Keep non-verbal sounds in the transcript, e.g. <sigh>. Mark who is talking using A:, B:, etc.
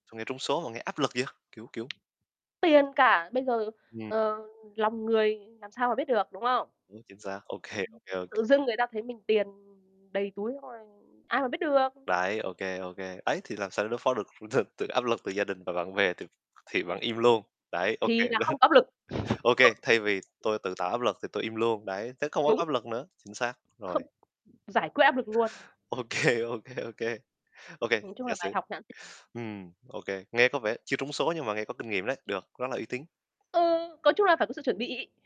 A: Sao nghe trúng số mà nghe áp lực vậy? Kiểu, kiểu
B: Tiền cả. Bây giờ,
A: Ừm.
B: ờ, lòng người làm sao mà biết được, đúng không?
A: Đúng, chính xác, ô kê, ô kê, ô
B: Ừm,
A: kê.
B: tự dưng người ta thấy mình tiền đầy túi, xong rồi ai mà biết được.
A: Đấy, OK, OK. Ấy, thì làm sao để đối phó được từ áp lực từ gia đình và bạn bè? Thì thì bạn im luôn đấy. OK.
B: Thì là không
A: <chuckles>
B: có áp lực.
A: OK, thay vì tôi
B: <chuckles>
A: tự tạo áp lực thì tôi im luôn đấy, thế không có
B: Đúng.
A: áp lực nữa. Chính xác, rồi.
B: Không giải quyết áp lực luôn.
A: OK, OK, OK, OK. OK,
B: Nói chung
A: giả
B: là bài
A: sử
B: học nhãn tiền.
A: ừm, OK. Nghe có vẻ chưa trúng số nhưng mà nghe có kinh nghiệm đấy. Được, rất là uy tín.
B: Ừ, có chung là phải có sự chuẩn bị.